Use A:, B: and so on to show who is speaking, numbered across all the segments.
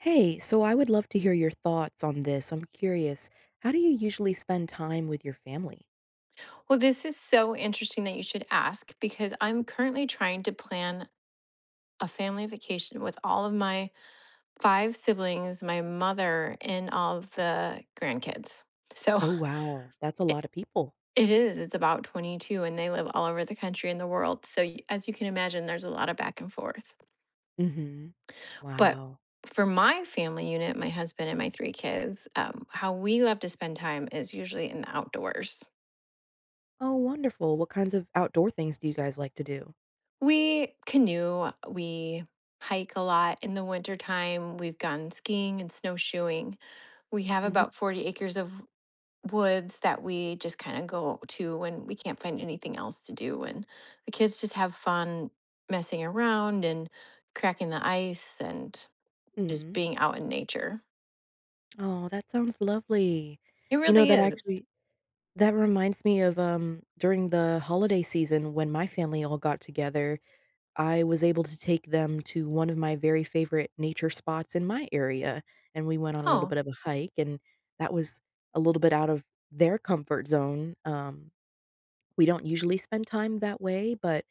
A: Hey, so I would love to hear your thoughts on this, I'm curious, how do you usually spend time with your family?
B: Well, this is so interesting that you should ask, because I'm currently trying to plan a family vacation with all of my 5 siblings, my mother, and all of the grandkids, so,
A: Oh, wow, that's a
B: it
A: lotta people.
B: It is, it's about 22, and they live all over the country, and the world, so y as you can imagine, there's a lotta back and forth.
A: Mhm.
B: But
A: Wow.
B: for my family unit, my husband and my 3 kids, um, how we love to spend time is usually in the outdoors.
A: Oh, wonderful. What kinds of outdoor things do you guys like to do?
B: We canoe, a we hike a lot in the wintertime, we've gone skiing and snowshoeing, we have
A: Mhm.
B: about 40 acres of woods that we just kinda go to when we can't find anything else to do, and the kids just have fun messing around and cracking the ice and just
A: Mm.
B: being out in nature.
A: Aw, that sounds lovely,
B: It
A: you know,
B: really
A: that
B: is.
A: actually That reminds me of, um, during the holiday season when my family all got together, I was able to take them to one of my very favorite nature spots in my area; and we went on a little
B: Oh.
A: bit of a hike, and that was a little bit out of their comfort zone, um, we don't usually spend time that way, but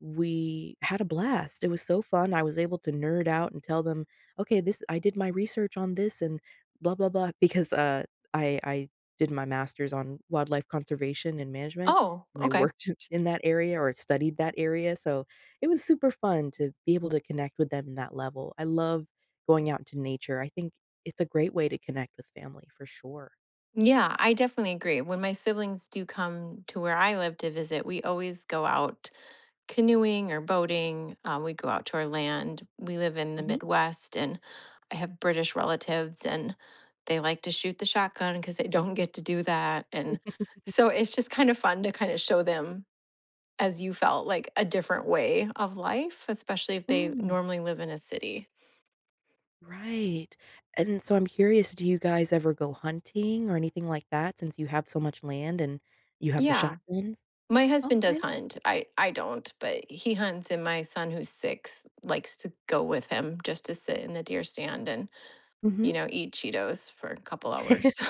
A: we had a blast, it was so fun, I was able to nerd out and tell them, "Okay, this I did my research on this and blah, blah, blah." Because, uh, I I did my master's on wildlife conservation and management,
B: Oh,
A: and I
B: okay..
A: worked in that area or studied that area, so it was super fun to be able to connect with them in that level, I love going out into nature, think it's a great way to connect with family for sure.
B: Yeah. I definitely agree. When my siblings do come to where I live to visit, we always go out canoeing or boating, um, we go out to our land. We live in the
A: Mhm.
B: Midwest, and I have British relatives, and they like to shoot the shotgun 'cause they don't get to do that, and so, it's just kind of fun to kind of show them, as you felt, like, a different way of life, especially if they
A: Mm.
B: normally live in a city.
A: Right. And so, I'm curious, do you guys ever go hunting or anything like that since you have so much land and you have the
B: Yeah.
A: shotguns?
B: My husband does
A: Okay.
B: hunt. I I don't, but he hunts, and my son who's 6 likes to go with him just to sit in the deer stand and, you
A: Mhm.
B: know, eat Cheetos for a couple hours.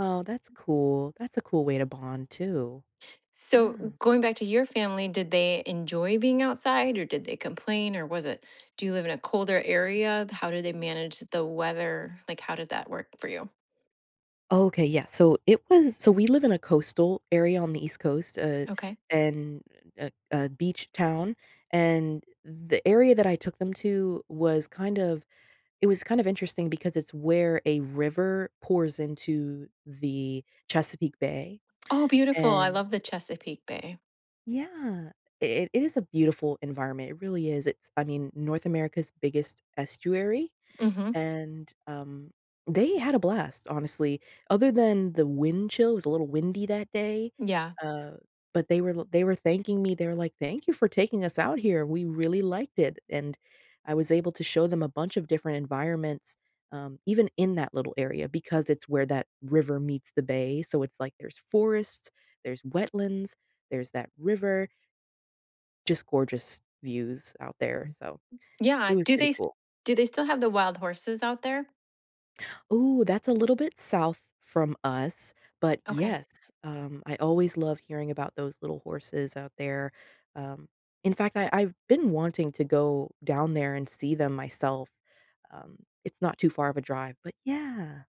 A: Oh, that's cool. That's a cool way to bond, too.
B: So,
A: Yeah.
B: going back to your family, did they enjoy being outside, or did they complain, or was it Do you live in a colder area? How do they manage the weather? Like, how did that work for you? r
A: Okay, yeah. So, it was So, we live in a coastal area on the East Coast, eh,
B: Okay.
A: and a a beach town, and the area that I took them to was kind of it was kind of interesting because it's where a river pours into the Chesapeake Bay,
B: Oh, beautiful. I
A: and
B: love the Chesapeake Bay.
A: Yeah, i it is a beautiful environment. It really is. It's, I mean, North America's biggest estuary,
B: Mhm.
A: and, um, they had a blast, honestly, other than the wind chill it was a little windy that day,
B: Yeah.
A: uh, but they were l they were thanking me, they were like, "Thank you for taking us out here. We really liked it." and I was able to show them a bunch of different environments, um, even in that little area because it's where that river meets the bay. So, it's like, there's forests, there's wetlands, there's that river just gorgeous views out there. So, it
B: Yeah.
A: was
B: Do they
A: pretty
B: s
A: cool.
B: do they still have the wild horses out there?
A: Ooh, that's a little bit south from us. But,
B: Okay.
A: yes, um, I always love hearing about those little horses out there, um, in fact, I I've been wanting to go down there and see them myself, um, it's not too far of a drive but yeah.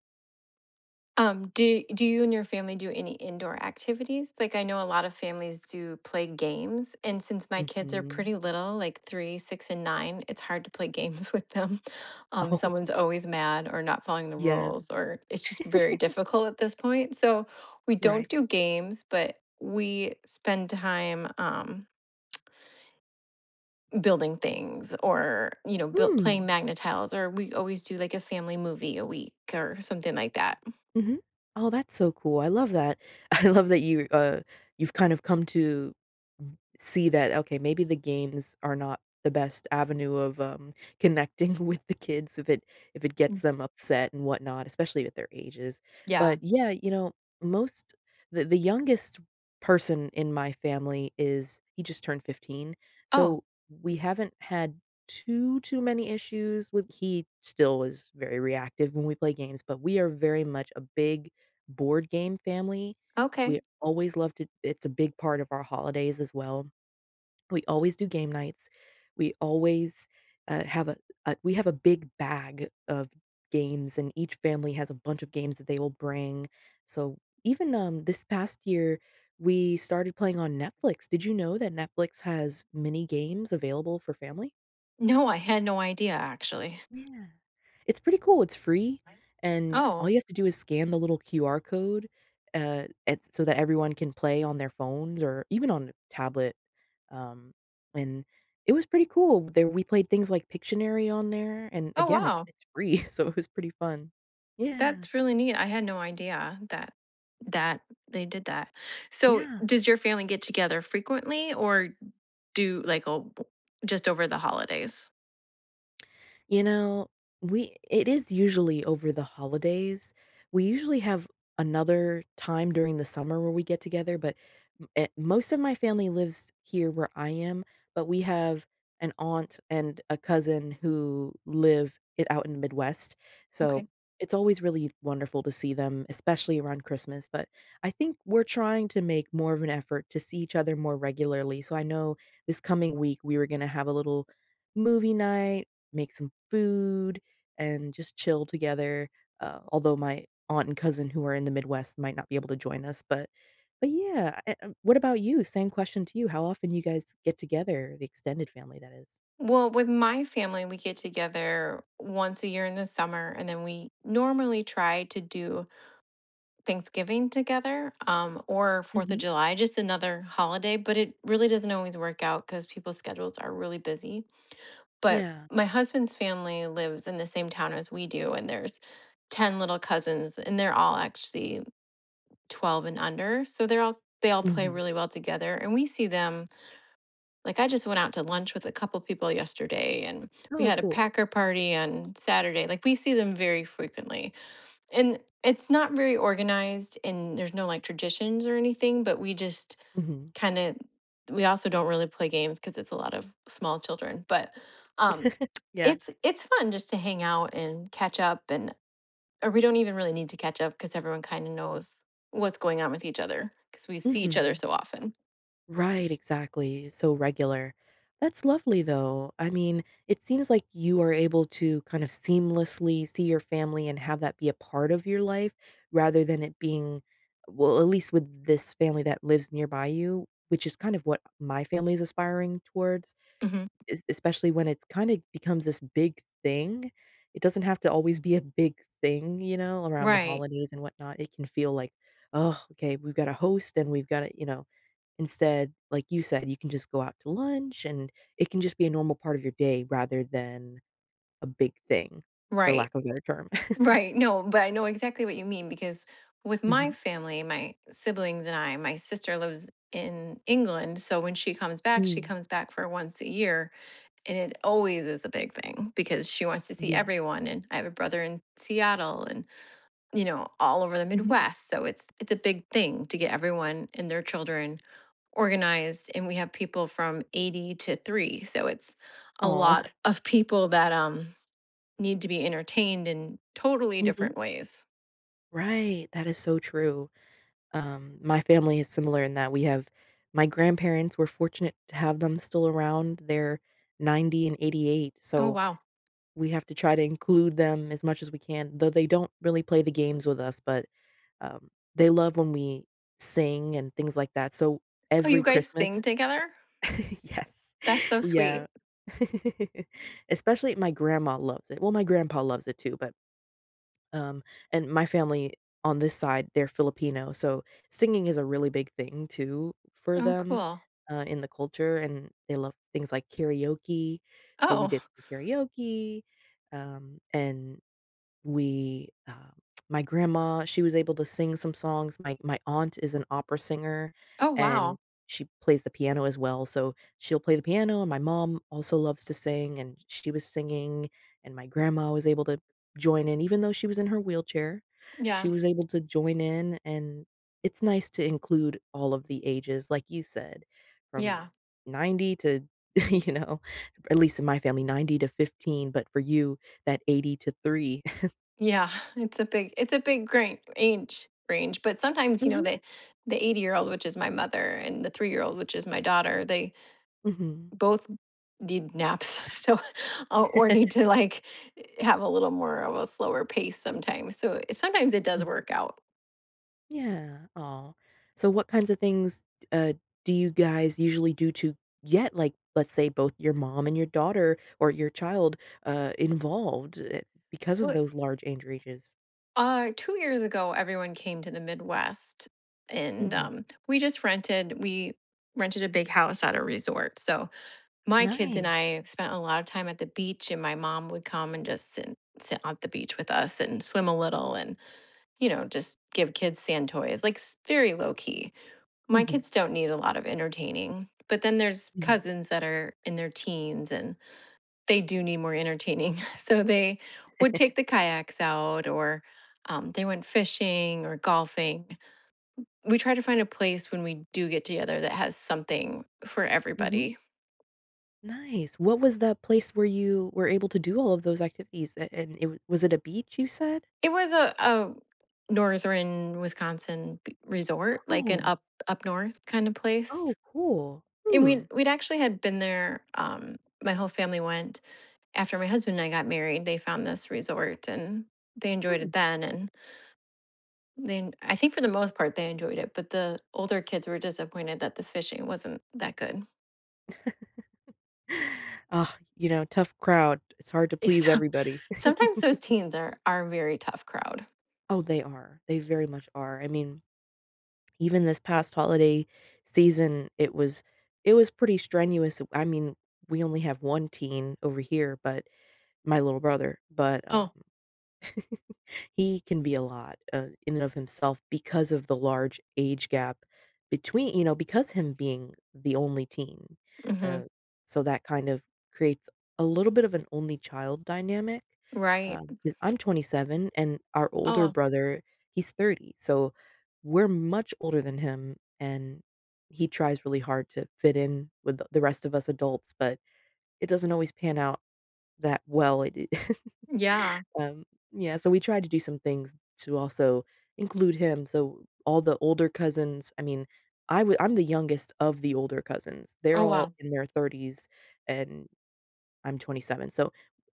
B: Um, do do you and your family do any indoor activities? Like, I know a lot of families do play games, and since my kids are
A: Mhm.
B: pretty little, like 3, 6, and 9 it's hard to play games with them um,
A: Oh.
B: someone's always mad or not following the
A: Yes.
B: rules, or it's just very difficult at this point, so, we don't
A: Right.
B: do games, but we spend time, um building things or, you know, built
A: Mm.
B: playing MAGNA-TILES, or we always do, like, a family movie a week or something like that.
A: Mhm. Oh, that's so cool, I love that, I love that you, uh, you've kind of come to see that, "Okay, maybe the games are not the best avenue of, um, connecting with the kids if it if it gets
B: Mm.
A: them upset and whatnot, especially with their ages."
B: Yeah.
A: But, yeah, you know, most the the youngest person in my family is he just turned 15,
B: Oh.
A: so, we haven't had too too many issues with he still is very reactive when we play games, but we are very much a big board game family,
B: Okay.
A: we always love to it's a big part of our holidays as well. We always do game nights, we always, uh, have a uh, we have a big bag of games, and each family has a bunch of games that they will bring. So even, um, this past year, we started playing on Netflix. Did you know that Netflix has mini games available for family?
B: No, I had no idea, actually.
A: Yeah. It's pretty cool, it's free, and all
B: Oh.
A: you have to do is scan the little QR code, uh, at so that everyone can play on their phones or even on tablet, um, and it was pretty cool. They we played things like Pictionary on there. And,
B: Oh,
A: again, it's
B: wow.
A: it's free, so it was pretty fun. Yeah.
B: That's really neat, I had no idea that that they did that, so,
A: Yeah.
B: does your family get together frequently or do, like, o b just over the holidays?
A: You know, we it is usually over the holidays. We usually have another time during the summer where we get together, but m eh most of my family lives here where I am, but we have an aunt and a cousin who live i out in the Midwest, so
B: Okay.
A: it's always really wonderful to see them, especially around Christmas, but I think we're trying to make more of an effort to see each other more regularly, so I know this coming week, we were gonna have a little movie night, make some food, and just chill together, uh, although my aunt and cousin who are in the Midwest might not be able to join us, but but yeah, eh, uh, what about you? Same question to you, how often do you guys get together, the extended family that is?
B: Well, with my family, we get together once a year in the summer, and then we normally try to do Thanksgiving together, um, or Fourth of
A: Mhm.
B: July, just another holiday, but it really doesn't always work out 'cause people's schedules are really busy, but
A: Yeah.
B: my husband's family lives in the same town as we do, and there's 10 little cousins, and they're all actually 12 and under, so they're all they all play
A: Mhm.
B: really well together and we see them like, I just went out to lunch with a couple people yesterday and we
A: Oh,
B: had a
A: cool.
B: packer party on Saturday, like we see them very frequently, and it's not very organized and there's no like traditions or anything, but we just
A: Mhm.
B: kinda we also don't really play games 'cause it's a lot of small children, but, um,
A: Yeah.
B: it's it's fun just to hang out and catch up and or we don't even really need to catch up 'cause everyone kinda knows what's going on with each other 'cause we see each other
A: Mhm.
B: so often.
A: Right, exactly, so regular. That's lovely, though. I mean, it seems like you are able to kind of seamlessly see your family and have that be a part of your life, rather than it being well, at least with this family that lives nearby you, which is kind of what my family is aspiring towards,
B: Mhm.
A: es especially when it's kinda becomes this big thing; it doesn't have to always be a big thing, you know? Around the
B: Right.
A: holidays and whatnot, it can feel like, "Oh, okay, we've gotta host, and we've gotta" you know? Instead, like you said, you can just go out to lunch, and, it can just be a normal part of your day rather than a big thing, for
B: Right.
A: lack of a better term.
B: Right. No, but I know exactly what you mean because, with my
A: Mhm.
B: family, my siblings and I my sister lives in England, so when she comes back, she
A: Mm.
B: comes back for once a year, and it always is a big thing, because she wants to see
A: Yeah.
B: everyone, and I have a brother in Seattle and, you know, all over the
A: Mhm.
B: Midwest, so it's it's a big thing to get everyone and their children organized, and we have people from 80 to 3, so it's a
A: Aw.
B: lot of people that, um, need to be entertained in totally
A: Mhm.
B: different ways.
A: Right, that is so true. Um, my family is similar in that we have my grandparents, we're fortunate to have them still around. They're 90 and 88,
B: Oh,
A: so
B: wow.
A: we have to try to include them as much as we can, though they don't really play the games with us, but, um, they love when we sing and things like that, so
B: Oh,
A: every
B: you guys sing
A: Christmas
B: together?
A: Yes.
B: That's so
A: Yeah.
B: sweet.
A: Especially my grandma loves it well, my grandpa loves it too, but um, and my family on this side, they're Filipino, so singing is a really big thing too for
B: Oh,
A: them,
B: cool.
A: uh, in the culture, and they love things like karaoke. So, we did
B: Oh.
A: the karaoke, um, and we, uh, my grandma, she was able to sing some songs. My my aunt is an opera singer,
B: Oh, wow.
A: and she plays the piano as well, so she'll play the piano, and my mom also loves to sing, and she was singing, and my grandma was able to join in even though she was in her wheelchair. She
B: Yeah.
A: was able to join in, and it's nice to include all of the ages, like you said, "from
B: Yeah.
A: 90 to" you know, at least in my family, 90 to 15 but for you that 80 to 3.
B: Yeah. It's a big it's a big grain age range, but sometimes, you know,
A: Mhm.
B: the the 80-year-old, which is my mother, and the 3-year-old, which is my daughter, they
A: Mhm.
B: both need naps. So, or need to, like, have a little more of a slower pace sometimes. So, sometimes it does
A: Mhm.
B: work out.
A: Yeah, aw. So, what kinds of things, uh, do you guys usually do to get, like, let's say, both your mom and your daughter or your child, uh, involved, eh because
B: Well,
A: of
B: it
A: those large age ranges.
B: Uh, 2 years ago, everyone came to the Midwest, and,
A: Mhm.
B: um, we just rented we rented a big house at a resort. So, my kids and
A: Nice.
B: I spent a lot of time at the beach, and my mom would come and just sit sit on the beach with us and swim a little and, you know, just give kids sand toys, like, s very low key. My
A: Mhm.
B: kids don't need a lot of entertaining, but then there's
A: Mhm.
B: cousins that are in their teens, and they do need more entertaining. So, they would take the kayaks out or, um, they went fishing or golfing. We try to find a place when we do get together that has something for
A: Mhm.
B: everybody.
A: Nice. What was the place where you were able to do all of those activities? And and it was it a beach, you said?
B: It was a a Northern Wisconsin b resort, like an
A: Oh.
B: up up north kind of place.
A: Oh, cool.
B: And
A: Hmm.
B: we'd we'd actually had been there, um, my whole family went after my husband and I got married, they found this resort, and they enjoyed it
A: Hmm.
B: then, and then I think for the most part, they enjoyed it, but the older kids were disappointed that the fishing wasn't that good.
A: Ugh, you know, tough crowd. It's hard to
B: Eh,
A: please
B: some
A: everybody.
B: sometimes those teens are are a very tough crowd.
A: Oh, they are. They very much are. I mean, even this past holiday season, it was it was pretty strenuous. W I mean, we only have 1 teen over here, but- my little brother- but, um,
B: Oh.
A: he can be a lot, uh, in of himself because of the large age gap between you know, because him being the only teen.
B: Mhm.
A: Uh, so that kind of creates a little bit of an only child dynamic,
B: Right.
A: um, 'cause I'm 27, and our older
B: Oh.
A: brother, he's 30, so we're much older than him, and he tries really hard to fit in with the the rest of us adults, but it doesn't always pan out that well. It it
B: Yeah.
A: um, yeah, so we tried to do some things to also include him, so all the older cousins I mean, I wou I'm the youngest of the older cousins. They're
B: Oh,
A: all
B: wow.
A: in their 30s, and I'm 27, so,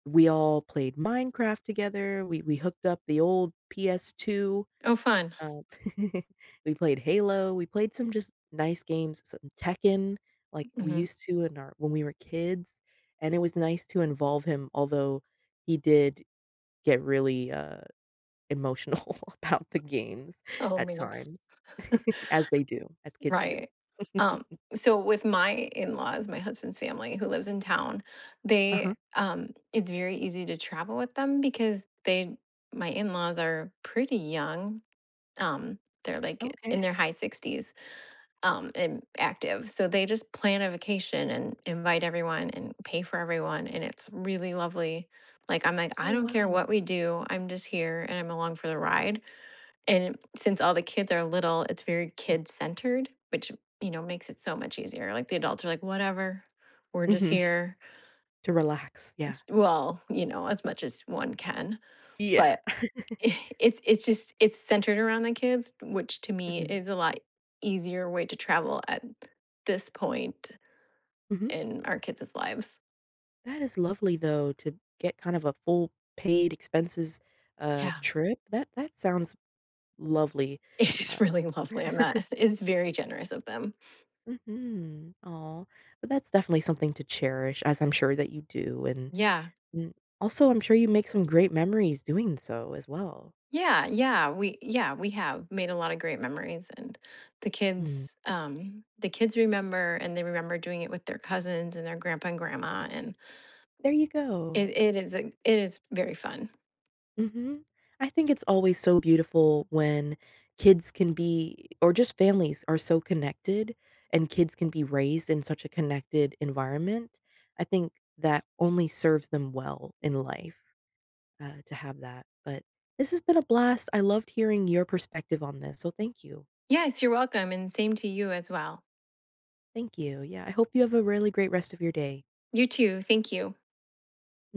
A: we all played Minecraft together, we we hooked up the old PS2.
B: Oh, fun.
A: Um We played Halo. We played some just nice games, some Tekken, like we
B: Mhm.
A: used to in our when we were kids, and it was nice to involve him, although he did get really, uh, emotional about the games,
B: Oh,
A: at
B: man.
A: times, as they do, as kids do.
B: Right. Um, so with my in-laws, my husband's family who lives in town,
A: Uh-huh.
B: they um, it's very easy to travel with them because they my in-laws are pretty young. Um, they're, like, in
A: Okay.
B: their high '60s, um, and active. So, they just plan a vacation and invite everyone and pay for everyone, and it's really lovely. Like, I'm like,
A: Oh,
B: "I don't care what
A: wow.
B: we do. I'm just here, and I'm along for the ride." And since all the kids are little, it's very kid-centered, which, you know, makes it so much easier. Like, the adults are like, "Whatever. We're just
A: Mhm.
B: here."
A: To relax, yeah.
B: S well, you know, as much as one can.
A: Yeah.
B: But i it's it's just it's centered around the kids, which to me
A: Mhm.
B: is a lot easier way to travel at this point
A: Mhm.
B: in our kids' lives.
A: That is lovely, though, to get kind of a full paid expenses uh,
B: Yeah.
A: trip, that that sounds lovely,
B: It
A: uh.
B: is really lovely, I'm not It's very generous of them.
A: Mhm, aw, but that's definitely something to cherish as I'm sure that you do, and
B: Yeah.
A: m also, I'm sure you make some great memories doing so as well.
B: Yeah, yeah, we, yeah, we have made a lot of great memories, and the
A: Mm.
B: kids um, the kids remember, and they remember doing it with their cousins and their grandpa and grandma, and
A: There you
B: i
A: go.
B: it it is it is very fun.
A: Mhm, I think it's always so beautiful when kids can be or just families are so connected and kids can be raised in such a connected environment, I think that only serves them well in life uh, to have that, but this has been a blast, I loved hearing your perspective on this, so thank you.
B: Yes. You're welcome, and same to you as well.
A: Thank you, yeah, I hope you have a really great rest of your day.
B: You too. Thank you.
A: [unintelligible]